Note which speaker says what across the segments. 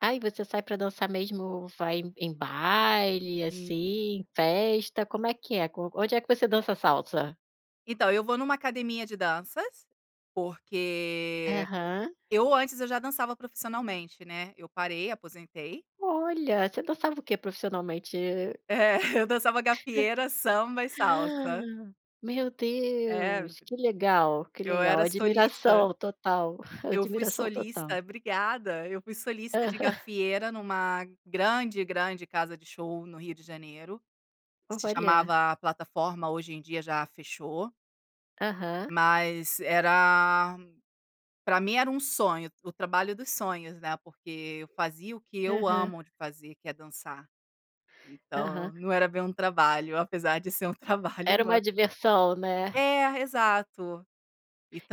Speaker 1: Ai, você sai para dançar mesmo vai em em baile
Speaker 2: Sim.
Speaker 1: assim, festa, como é que é? Onde é que você dança salsa?
Speaker 2: Então, eu vou em uma academia de danças porque
Speaker 1: Aham.
Speaker 2: eu antes eu já dançava profissionalmente, né. Eu parei, aposentei.
Speaker 1: Olha, você não sabe o que é profissionalmente?
Speaker 2: É, eu dançava gafieira, samba e salsa.
Speaker 1: Meu
Speaker 2: É.
Speaker 1: Deus, que legal, que
Speaker 2: Eu
Speaker 1: legal!
Speaker 2: era solista.
Speaker 1: Admiração total,
Speaker 2: Eu fui
Speaker 1: admiração total.
Speaker 2: solista obrigada! Eu fui solista de
Speaker 1: Aham.
Speaker 2: gafieira numa grande, grande casa de show no Rio de Janeiro. Se
Speaker 1: Olha.
Speaker 2: chamava Plataforma, hoje em dia já fechou.
Speaker 1: Aham.
Speaker 2: Mas era para mim era um sonho, o o trabalho dos sonhos, né, porque eu fazia o que eu
Speaker 1: Aham.
Speaker 2: amo de fazer que é dançar.
Speaker 1: Aham.
Speaker 2: Então não era bem um trabalho, apesar de ser um trabalho,
Speaker 1: Era
Speaker 2: não e
Speaker 1: uma diversão, né.
Speaker 2: É, exato.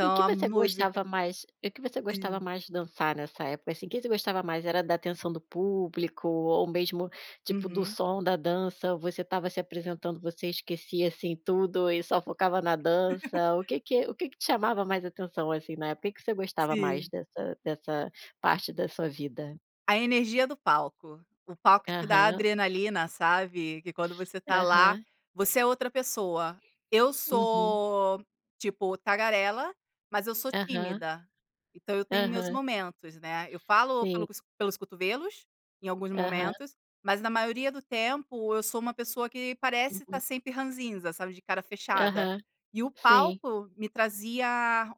Speaker 1: E o que
Speaker 2: a
Speaker 1: você
Speaker 2: música
Speaker 1: gostava mais o que você gostava
Speaker 2: Sim.
Speaker 1: mais de dançar nessa época, assim o que você gostava mais era da atenção do público, ou mesmo, tipo, do
Speaker 2: Uhum.
Speaker 1: som da dança? Você estava se apresentando, você esquecia, assim, tudo e só focava na dança? O que que o que que chamava mais atenção, assim, na época, o que você gostava mais
Speaker 2: Sim.
Speaker 1: dessa dessa parte da sua vida?
Speaker 2: A energia do palco. O palco te dá
Speaker 1: Aham.
Speaker 2: adrenalina, sabe? Que quando você está lá,
Speaker 1: Aham.
Speaker 2: você é outra pessoa. Eu
Speaker 1: Uhum.
Speaker 2: sou, tipo, tagarela, mas eu sou
Speaker 1: Aham.
Speaker 2: tímida. Então eu tenho meus
Speaker 1: Aham.
Speaker 2: momentos, né. Eu falo pelo
Speaker 1: Sim.
Speaker 2: s pelos cotovelos, em alguns
Speaker 1: Aham.
Speaker 2: momentos, mas na maioria do tempo, eu sou uma pessoa que parece estar
Speaker 1: Uhum.
Speaker 2: sempre ranzinza, sabe, de cara fechada.
Speaker 1: Aham,
Speaker 2: E o
Speaker 1: sim.
Speaker 2: palco me trazia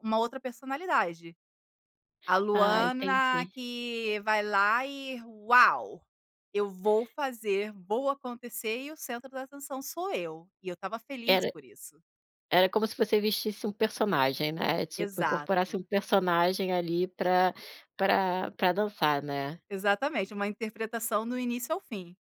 Speaker 2: uma outra personalidade. A
Speaker 1: Ah,
Speaker 2: Luana,
Speaker 1: entendi.
Speaker 2: que vai lá e: "Uau. Eu vou fazer, vou acontecer e o centro da atenção sou eu". E eu estava feliz
Speaker 1: Era
Speaker 2: por isso.
Speaker 1: era como se você vestisse um personagem, né? Tipo, incorporasse
Speaker 2: Exato.
Speaker 1: um personagem ali para para para dançar, né?
Speaker 2: Exatamente, uma interpretação do início ao fim.